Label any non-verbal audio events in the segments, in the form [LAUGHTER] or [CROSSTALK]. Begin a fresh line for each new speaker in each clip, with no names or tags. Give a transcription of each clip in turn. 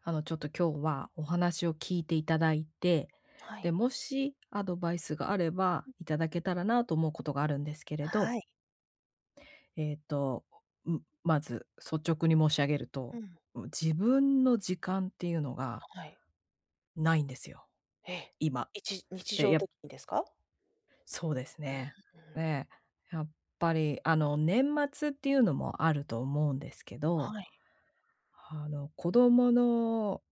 あのちょっと今日はお話を聞いていただいて、
は
で、
い。
もしアドバイスがあれば、いただけたらなと思うことがあるんですけれど。
はい。
ええと、ん、まず率直に申し上げる
う
と、
ん。
ん、自分の時間っていうのが…
はい。
ないんですよ、
え。
今。
いち日
で、
常
や
的にですか？
そうです
うー
ね。
ん。
え、やっぱり、あの、年末っていうのもあると思うんですけど、
はい。
あの子供の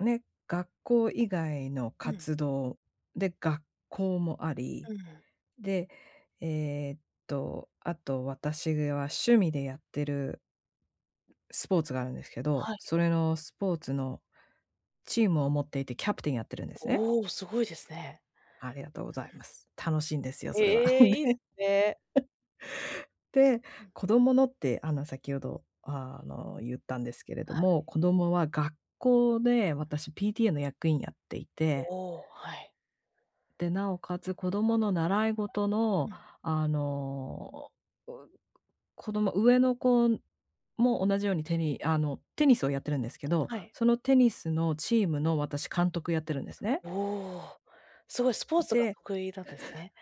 ね、学校以外の
うん。
活動で、学校もあり、
うん。
で、ええっと、あと私は趣味でやってるスポーツがあるんですけど、
はい。
それのスポーツのチームを持っていて、キャプテンやってるんですね。
おお、すごいですね。
ありがとうございます。楽しいんですよ、それは。で、
へえ、いいで
[LAUGHS]
すね。
で、
うん。
子供のってあの、先ほど、あの、言ったんですけれ
は
ど
い。
も、子供は学校で私 PTA の役員やっていて
おお、はい。
で、なおかつ子供の習い事
う
の、
ん。
あの、お、う子供、上の子も同じようにテニあのテニスをやってるんですけど、
はい。
そのテニスのチームの私監督やってるんですね。
おお、すごいスポーツが
で
得意なんですね。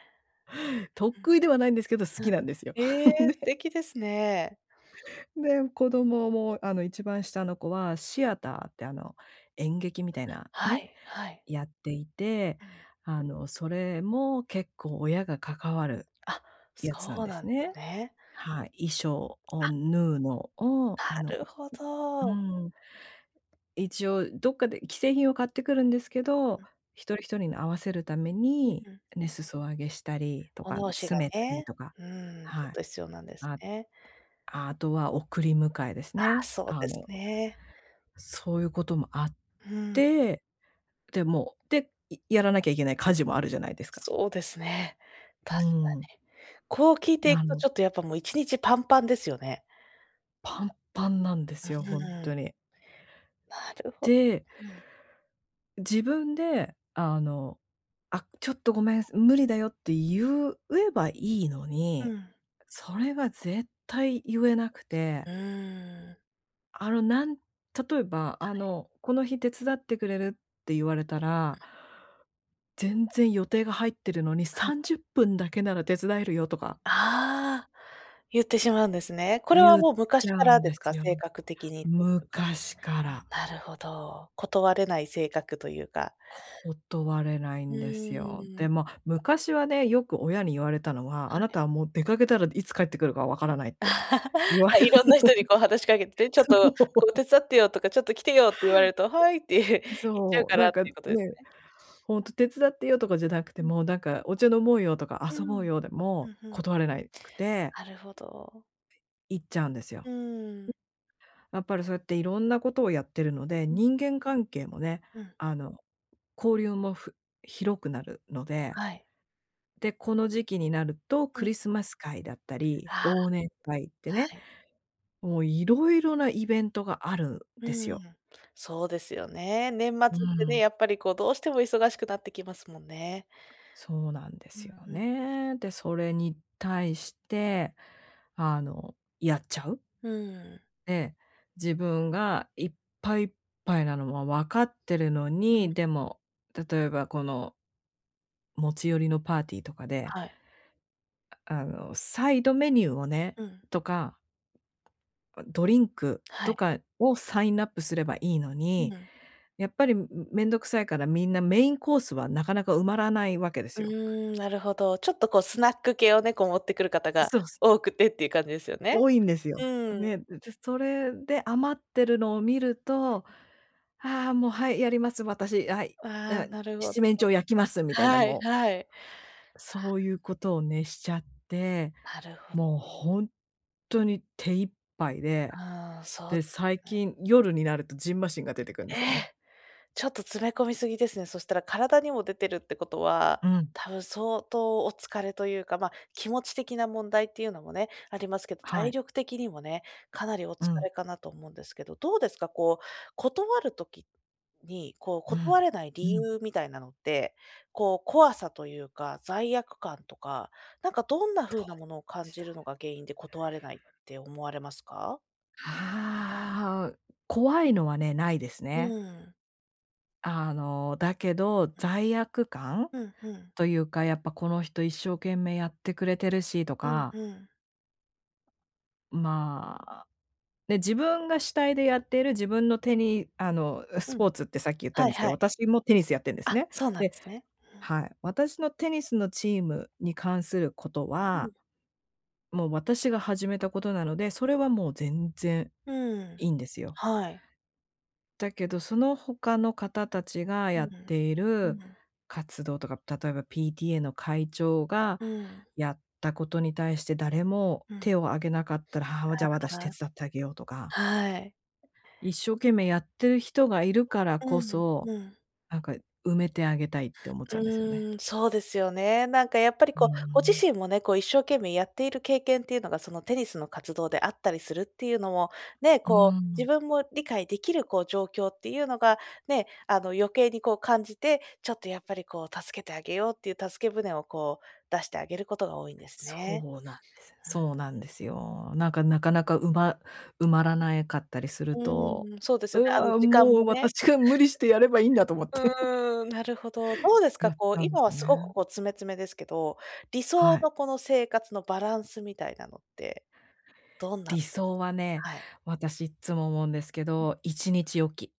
[LAUGHS]
う
得意
ん。
ではないんですけど、好
う
き
ん。
なんですよ。
ええ、素
ね。
敵ですね。
で、子供もあの一番下の子はシアターってあの、演劇みたいな、
は
ね、
いはい。
やっていて、
うん。
あの、それも結構親が関わる
あ、
やつなん
そう
で
な
す
んで
ね。
すね。
はい、衣装を
あ。
縫うのを、あ
なる
の
ほ
う
ど。
ん。一応どっかで既製品を買ってくるんですけど、
うん。
一人一人に合わせるため
うん
に、
うん。
ね、裾上げしたりと
お
か、
直しが
詰めたり
ね、
とか、
うん、ちょ
は
っ
い。
と必要なんです
あ
ね。
あ、あとは送り迎えです
ああ、
ね。
そう
あ
です
の
ね。
そういうこともあっ
うん。
て、でもで、いやらなきゃいけない家事もあるじゃないですか。
そうですね。
う
確
ー
か
ん。
に。こう聞いてい
な
くと
の
ちょっとやっぱもう1日パンパンですよね。
パンパンなんで
う
すよ、ほん
ーん。
とに。
なるほ
で
うん。
自分で、あの、「あ、ちょっとごめん、無理だよ」って言ううえばいいの
う
に、
ん。
それは絶対言えなくて。
うーん。
あのなん例えば
は
あ
い。
の、「この日手伝ってくれる？」って言われた
は
ら
い。
全然予定が入ってるのに、
は
さ
い。
んじゅっぷんだけなら手伝えるよとか
ああ。言ってしまうんですね。これは
言っ
もう
ち
昔
ゃ
か
う
ら
ん
で
で
す
す
か？
よ。
性格的にというか。
昔から。
なるほど、断れない性格というか。
断れない
う
んですよ。
ー
で
ん。
も昔はね、よく親に言われたのは、
は
あな
い。
たはもう出掛けたら、いつ帰ってくるか分からないって
[LAUGHS]
言われる。
色んな人にこう、話し掛けて、「ちょっ
[LAUGHS]
と
そ
こう、
う。
手伝ってよ」とか、「ちょっと来てよ」って言われると、「はい」って言っちゃう
そう、
から
なん
っ
か、
てい
ね、
うことですね。
ほんと手伝ってよとかじゃなくて
うん。
も、なんかお茶飲もうよとか、
うー
遊ぼう
ん、
よで
ふ
も
んふん。
断れないくて
なるほど。
行っちゃうんですよ。
うーん。
やっぱりそうやって色んなことをやってるので、
うん。
人間関係もね、
うん。
あの、交流も、ふ広くなるので。
はい。
で、この時期になると、
う
ク
ん。
リスマス会だったり、
ああ。
忘年会ってね。
はい。
もう色々なイベントがあるん
う
ですよ。
ーん。そうですよね。年末っ
う
て
ー
ね、
ん。
やっぱりこう、どうしても忙しくなってきますもんね。
そうなんで
う
す
ん、
よ
ふん。
ね。で、それに対して、あの、やっちゃう。
うーん。
で、自分が、いっぱいいっぱいなのは、分かっているの
うん。
に、でも、例えばこの持ち寄りのパーティーとかで
はい。
ああの、サイドメニューをね
うん。
とかドリンク
は
と
い。
かをサインナップすればいいの
う
に、
ん。
やっぱり、めんどくさいから、みんなメインコースはなかなか埋まらないわけで
う
すよ。
ーん、なるほど。ちょっとこうスナック系をね、こう持ってくる方が
そうす。
多くてっていう感じですよね。
多いんです
う
よ、
ーん。
ね。じゃあ、それで余ってるのを見る
う
と、
ん。
ああ、もう、はい、やります、私、はい、
ああ、
だ
なるほ
七
ど。
面鳥、焼きます、みたいな、
はい
もう。
はい。わ。
そういうことを、ね、しちゃって、
なるほ
もう
ど。
ほんとに手一杯で。
ああ、そう
で、
です
最
ね。
近夜になると蕁麻疹が出てくんで
え
すよね。
え。ちょっと、詰め込みすぎですね。そしたら。体にも出てるってことは、
うん。
多分相当お疲れというか、まあ、気持ち的な問題っていうのもね、ありますけど、
は
体
い。
力的にもね、かなりお
う
疲
ん。
れかなと思うんですけど。どうですか？こう、断る時に、こう、
う
断
ん。
れない理
うん。
由みたいなのって、こう、怖さというか、罪悪感とか、なんかどんな風
どっ
なものを感
ち
じ
だ
る
ろ。
のが原因で断れないって思われますか？
ああ。怖いのはね、ないです
う
ね。
ーん。
あの、だけど、罪悪感
ふんふん。
というか、やっぱこの人一生懸命やってくれてるしと
うん
か。
うん。
まあ、ね、自分が主体でやっている自分の手に、あの、
う
スポ
ん。
ーツってさっき言った
はい
んすけ
は
ど、
い。
私もテニスやってんです
あ、
ね。
そうなんで
で
すね。うーん。
はい。私のテニスのチームに関すること
う
は
ん。
もう私が始めたことなので、そ
うん。
れはもう全然
うーん。
いいんですよ。
はい。
だけど、その他の方たちが
う
やっ
ん。
てい
う
る
ん。
活動とか、例えば PTA の会長が
うん。
やったことに対して誰も
うん。
手を挙げなかったら、はあ、じゃ、私
あ、
手
あ。
伝ってあげようとか。
はい。
一生懸命やってる人がいるからこ
うん。
そ、
うん。
なんか埋めてあげたいって思っちゃうんですよね。
うーん、そうですよね。なんかやっぱり
うん
こ
う
う、ご自
ん。
身もね、こう一生懸命やっている経験っていうのが、そのテニスの活動であったりするっていうのも、ね、
う
こ
ー
う自
ん。
分も理解できるこう状況っていうのがね、あの、余計にこう感じて、ちょっとやっぱり、こう助けてあげようっていう助け舟をこう出してあげることが多いんですね。
そうなんです。
うん、うん
そうなんです
うん。
よ。なんか、なかなかうま埋まらないかったりすると、
うーん。そうです
「う
よね、あの
わ、
時間
もう
もね。
私が無理してやればいいんだ」と思って。[CHUCKLES]
うーん、なるほど。どうですか、
やっち
こう
ゃうんで
今
す
は
よ
すごく
ね。
こう詰め詰めですけど、理
は
想
い。
のこの生活のバランスみたいなのってどんなの
理
です？
想はね、
はい。
私いつも思うんですけ
うん。
ど、一日おき。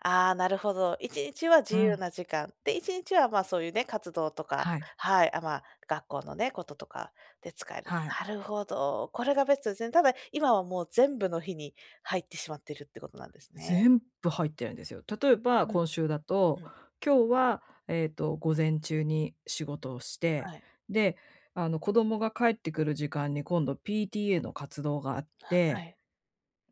ああ、なるほど。1日は
う
自由
ん。
な時間、で、1日は、ま、そういうね、活動とか
はい。
はい。あ、ま、学校のね、こととかで使える。
はい。
なるほど、これがベストですね。ただ、今はもう全部の日に入ってしまっているってことなんですね。
全部入ってるんですよ。例えば
うん。
今週だと、
うん。
今日は、ええと、午前中に仕事をして、
はい。
で、あの、子供が帰ってくる時間に今度 PTA の活動があっ
あ、は
て、
い。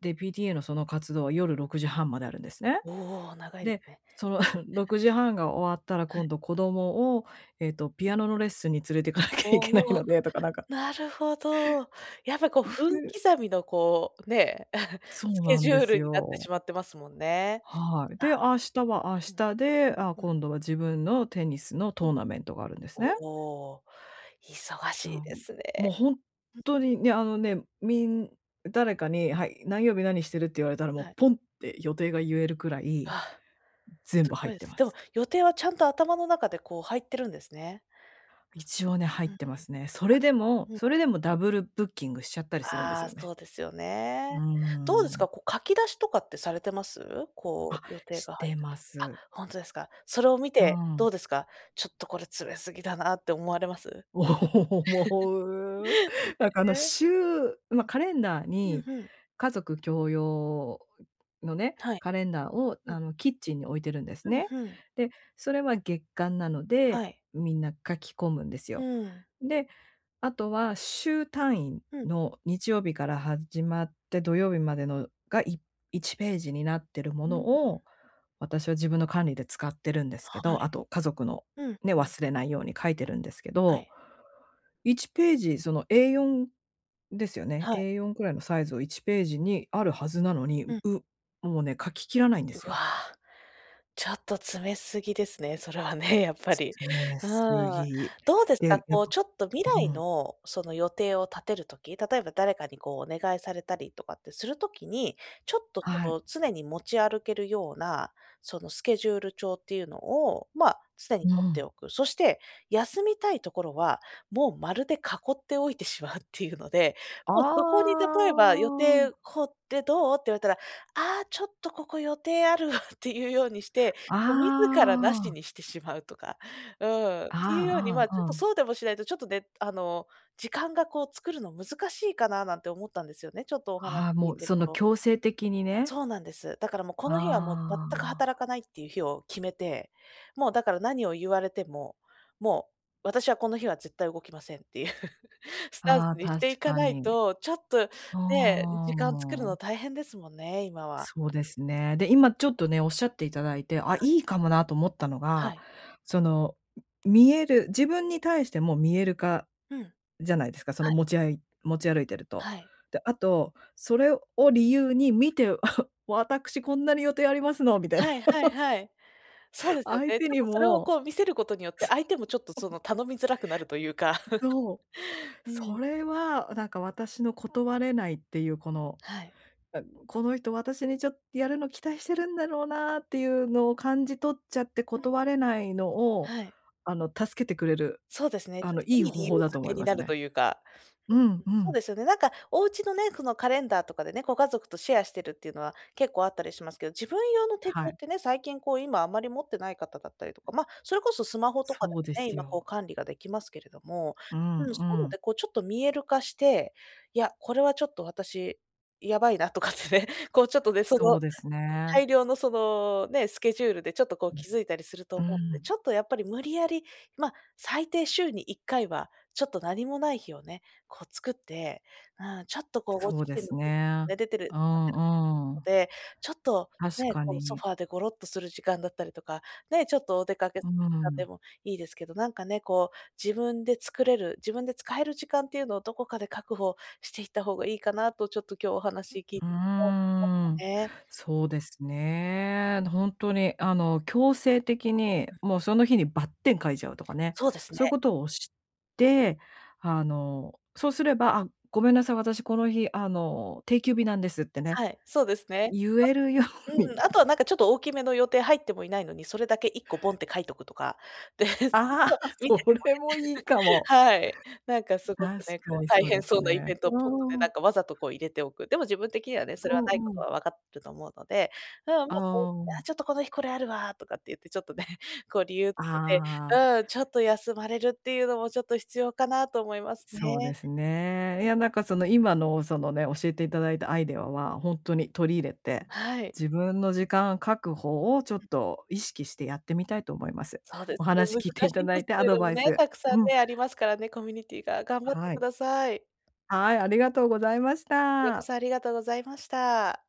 で、PTA のその活動は夜6:30まであるんですね。
おお、長いで
で、
すね。
その [SCOFFS] 午後6:30が終わったら
は
今
い。
度子供を、えっと、ピアノのレッスンに連れて行かなきゃいけない
おお、
のでとかなんか
なるほど。やっぱこう分
[UNINTELLIGIBLE]
刻みのこう、ね、[CHUCKLES]
そ
ス
う
ケ
なん
ジ
で
ュー
す
ルになって
よ。
しまってますもんね。
はい。
な
で、明日は明
る
日
ほど。う
で、
ん。うん
あ、
うん。
今度は自分のテニスの
うん。
トーナメントがあるんですね。
おお、忙
な
しい
ん
です
もう
ね。
ほんとにね、あのね、みん誰かに「はい、何曜日何してる？」って言われたら、もう
はい。
ポンって予定が言えるくらい、
あ、
全
す
部入
ご
っ
いで
て
す。
ま
でも、
す。
予定はちゃんと頭の中でこう入ってるんですね。
一応ね、入っ
うんうん。
てますね。それでも、
[UNINTELLIGIBLE] うん。
それでもダブルブッキングしちゃったりするんです
ああ、
よね。
そうですよ
うー
ね。どうですか、
ん。
こう書き出しとかってされてます？
あ、
こう予定
し
が入っ
て
たと
ま
あ、
す。
ほんとですか？それを見
う
てど
ん。
うですか？「ちょっとこれ詰めすぎだな」って思われます？
思う。
[CHUCKLES] ね。
なんかあの週ま、
うん。
カレンダー
ふん
に
ふん。
家族共用のね、
はい。
カレンダーを、
う
あ
ん。
の、キッチンに置いてるんです
ふん
ね。
ふん。
で、それは月刊なので、
はい。
みんな書き込むんです
う
よ。
ーん。
で、あとは、週単位
うん。
の日曜日から始まって、土曜日までのが、い1ページになってるも
う
の
ん。
を、私は自分の管理で使ってるんですけ
は
ど、あ
い。
と家族の、
うん
ね、
うん。
忘れないように書いてるんですけ
は
ど
い。
1ページ、そのA4ですよね。
はい。
A4くらいのサイズを1ページにあるはずなのに、
う
う
ん。
もうね、書ききらないんで
う
す
わ、
よ。
ちょっと詰めすぎですね、それはね、やっぱり。
詰め
う
す
ん。
ぎ。
どうですか、
で、やっ
こうちょっと未
ぱう
来
ん。
の、その予定を立てる時、例えば誰かにこう、お願いされたりとかってするときに、ちょっと
は
そ
い。
の常に持ち歩けるような、そのスケジュール帳っていうのを、ま、常に
う
持って
ん。
おく。そして、休みたいところは、もう丸で囲っておいてしまうっていうので、
あ
もうそこに例えば「予
あ。
定こうってどう？」って言われたら「ああ、ちょっとここ予定ある」っていうようにして、もう自ら無し
ああ。
にしてしまうとか、うん、っていうように、
あ
ま、
あ
ちょ
ああ、
っと
うん。
そうでもしないとちょっとね、あの、時間がこう作るの難しいかななんて思ったんですよね、ちょっとお話
ああ、
聞い
もう、
てる
その
と。
強制的にね。
そうなんです。だからもうこの日はもう全
あ
く働か
あ。
ないって言う日を決めて、もうだから何を言われても、もう私はこの日は絶対動きませんっていうスタンス
ああ、
にしてい
確
か
か
ない
に。
と、ちょっと
あ
ね、時間を作るの
あ。
大変ですもんね、今は。
そうですね。で、今ちょっとね、おっしゃっていただいて、あ、
はい。
いいかもなと思ったの
は
が、
い。
その見える自分に対しても見える化、
うん。
じゃないですか、そ
は
の
い。
持ちあい持ち歩いてると。
はい。
で、あと、それを理由に「見て、[CHUCKLES] 私こんなに予定ありますの」みたいな。
はいはい
[LAUGHS]
はい。そうですよ
相
ね。
手
ちょっ
に
とそれを
も、
こう見せることによって、相手もちょっと
そう。
そ
[LAUGHS]
の頼みづらくなると言うか。
そう。
[CHUCKLES] う
そ
ん。
れはなんか、私の断れないっていう、この、
はい。
な「この人、私にちょっとやるの期待してるんだろうな」って言うのを感じ取っちゃって
うん。
断れないのを、
はい。
あの、助けてくれる、
そうですね、ち
あ
ょっ
の、
と
いい
いい理
方
由
法だ
づ
と思
け
い
に
ま
な
す
ると
ね。
言うか。
う
[UNINTELLIGIBLE]
んう
そう
ん。
ですよね。なんかお家のね、そのカレンダーとかでね、ご家族とシェアしてるっていうのは結構あったりしますけど、自分用の手帳
は
っ
い。
てね、最近こう、今あまり持ってない方だったりとか、ま、それこそスマホとかで
そうで
もね、
す
今こう
よ。
管理ができますけれども
うん
うん、そういう
う
の
ん。
でこうちょっと見える化して「いや、これはちょっと私やばいな」とかってね。こうちょっとね、そ
そ
の
うですね。
大量のそのね、スケジュールでちょっとこう
うん、
気づいたりすると
う
思うので、ち
ん。
ょっとやっぱり無理やり、ま、最低週に1回はちょっと何もない日をね、こう作って、うん、ちょっとこうご
そ
自
うで
身の
す
[UNINTELLIGIBLE]
ね。
出て
う
る [UNINTELLIGIBLE]
んう
の
ん。
で、ちょっと、
確
ね、
か
こうソフ
に。
ァーでゴロッとする時間だったりとか、ね、ちょっとお出かけ、
う
なんで
ん。
もいいですけど、なんかね、こう自分で作れる、自分で使える時間って言うのをどこかで確保していった方がいいかなとちょっと今日お話聞い
うー
て [UNINTELLIGIBLE] た
ん。
ね。
そうですね。ほんとに、あの、強制的に、
うん。
もうその日にばってん書いちゃうとかね、
そうですね。
そういうことをして、あの、そうすれば「あ、ごめんなさい、私この日、あの、定休日なんです」ってね。
はい、そうですね。
言えるよ
はうん、
うに。
あとは、なんかちょっと大きめの予定入ってもいないのに、それだけ1個ボンって書いておくとか、で、する
あ、
と見せ
そ
ても
れもいいか
ね。[GIGGLES]
も。
はい。なんかすごく
確
ね、こ
か
う
に
大
そうで
変
す
そうなイベ
ね。
ントを
う
ポッとね、
ー
な
ん。
んかわざとこう入れておく。でも自分的にはね、それ
う
はない
ん
こ
う
と
ん。
はわかってると思うので、うん、ま、
あ
そう「や、
あ。
ちょっとこの日これあるわ」とかって言って、ちょっとね、こう理由つけて
あ
う
あ。
ーん、ちょっと休まれるっていうのも、ちょっと必要かなと思います
そうで
ね。
すね。いや、なんかその今のそのね、教えていただいたアイデアは、ほんとに取り入れて、
はい。
自分の時間確保をちょっ
うん。
と意識してやってみたいと思います。
そうで
お
すね、
話聞いて
難
い
し
た
いん
だ
で
い
す
て、ア
けれ
ド
ども
バイ
ね、
ス
たくさ
う
ん
ん。
ね、ありますからね、コミュニティが。頑張って
は
く
い。
ださい。
はい、ありがとうございまし
こちらこ
た。
そ、ありがとうございました。